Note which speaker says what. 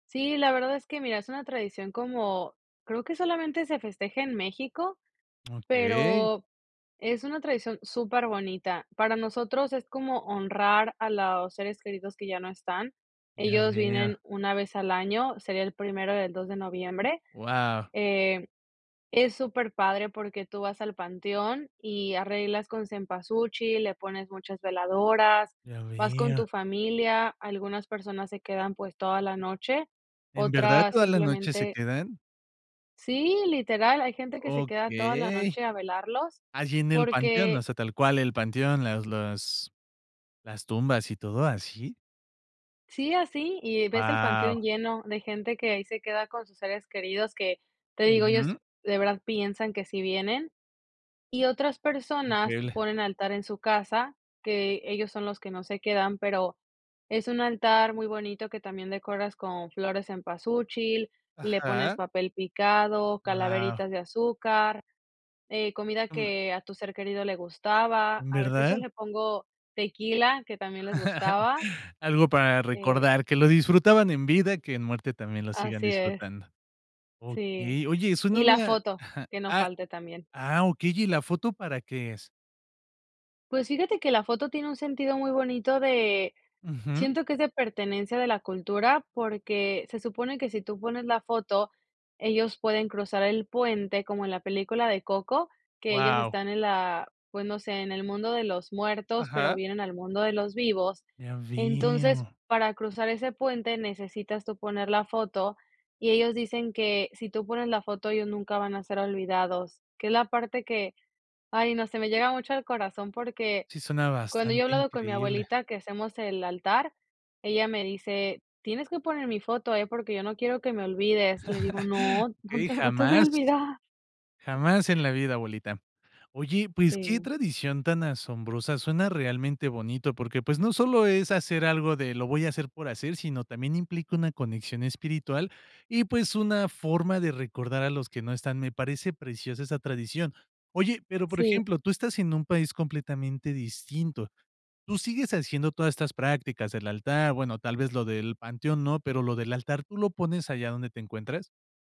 Speaker 1: Sí, la verdad es que, mira, es una tradición como, creo que solamente se festeja en México,
Speaker 2: Okey.
Speaker 1: pero es una tradición superbonita, para nosotros es como honrar a los seres queridos que ya no están.
Speaker 2: Ya
Speaker 1: Ellos vienen
Speaker 2: vea.
Speaker 1: 1 vez al año, sería el primero y el 2 de noviembre,
Speaker 2: Wao.
Speaker 1: eh, es superpadre porque tú vas al panteón y arreglas con cempasúchil, le pones muchas veladoras,
Speaker 2: Ya
Speaker 1: vas con
Speaker 2: vea.
Speaker 1: tu familia, algunas personas se quedan, pues, toda la noche,
Speaker 2: ¿En verdad
Speaker 1: otras
Speaker 2: toda la noche se
Speaker 1: simplemente
Speaker 2: quedan?
Speaker 1: sí, literal, hay gente que se queda toda la
Speaker 2: Okey,
Speaker 1: noche a velarlos
Speaker 2: allí, en el panteón, o
Speaker 1: porque
Speaker 2: sea, tal cual el panteón, las las las tumbas y todo ¿así?
Speaker 1: Sí, así y ves el
Speaker 2: Wao.
Speaker 1: panteón lleno de gente que ahí se queda con sus seres queridos, que te digo, ellos
Speaker 2: Ujú.
Speaker 1: de verdad piensan que sí vienen, y otras personas
Speaker 2: Increíble.
Speaker 1: ponen altar en su casa, que ellos son los que no se quedan, pero es un altar muy bonito que también decoras con flor de cempasúchil, le pones
Speaker 2: Ajá.
Speaker 1: papel picado,
Speaker 2: Wao.
Speaker 1: calaveritas de azúcar, eh, comida que a tu ser querido le gustaba,
Speaker 2: ¿En
Speaker 1: a veces yo
Speaker 2: verdad?
Speaker 1: le pongo tequila, que también les gustaba.
Speaker 2: Algo para
Speaker 1: Eh
Speaker 2: recordar, que lo disfrutaban en vida, que en muerte también lo sigan
Speaker 1: Así es,
Speaker 2: disfrutando,
Speaker 1: sí,
Speaker 2: okey, oye, suena a
Speaker 1: y la
Speaker 2: una
Speaker 1: foto, que no
Speaker 2: ah
Speaker 1: falte también.
Speaker 2: ah, okey, ¿y la foto para qué es?
Speaker 1: Pues, fíjate que la foto tiene un sentido muy bonito de,
Speaker 2: Ujú.
Speaker 1: siento que es de pertenencia de la cultura, porque se supone que si tú pones la foto, ellos pueden cruzar el puente, como en la película de Coco, que ellos
Speaker 2: Wao.
Speaker 1: están en la pues no sé, en el mundo de los muertos, pero
Speaker 2: Ajá.
Speaker 1: vienen al mundo de los vivos.
Speaker 2: Ya
Speaker 1: Entonces,
Speaker 2: veo.
Speaker 1: para cruzar ese puente, necesitas tú poner la foto y ellos dicen que si tú pones la foto, ellos nunca van a ser olvidados, que es la parte que, ay no, se me llega mucho al corazón porque
Speaker 2: Sí, suena
Speaker 1: cuando yo he
Speaker 2: bastante
Speaker 1: hablado con mi
Speaker 2: increíble.
Speaker 1: abuelita que hacemos el altar, ella me dice: "Tienes que poner mi foto, eh, porque yo no quiero que me olvides", le digo: "No, no
Speaker 2: Eh,
Speaker 1: te no te voy a
Speaker 2: jamás,
Speaker 1: olvidar".
Speaker 2: jamás en la vida, abuelita. Oye, pues, qué
Speaker 1: Sí.
Speaker 2: tradición tan asombrosa, suena realmente bonito, porque, pues, no solo es hacer algo de: "Lo voy a hacer por hacer", sino también implica una conexión espiritual y, pues, una forma de recordar a los que no están, me parece preciosa esa tradición, oye, pero, por
Speaker 1: Sí.
Speaker 2: ejemplo, tú estás en un país completamente distinto, tú sigues haciendo todas estas prácticas, el altar, bueno, tal vez lo del panteón no, pero lo del altar, ¿tú lo pones allá donde te encuentras?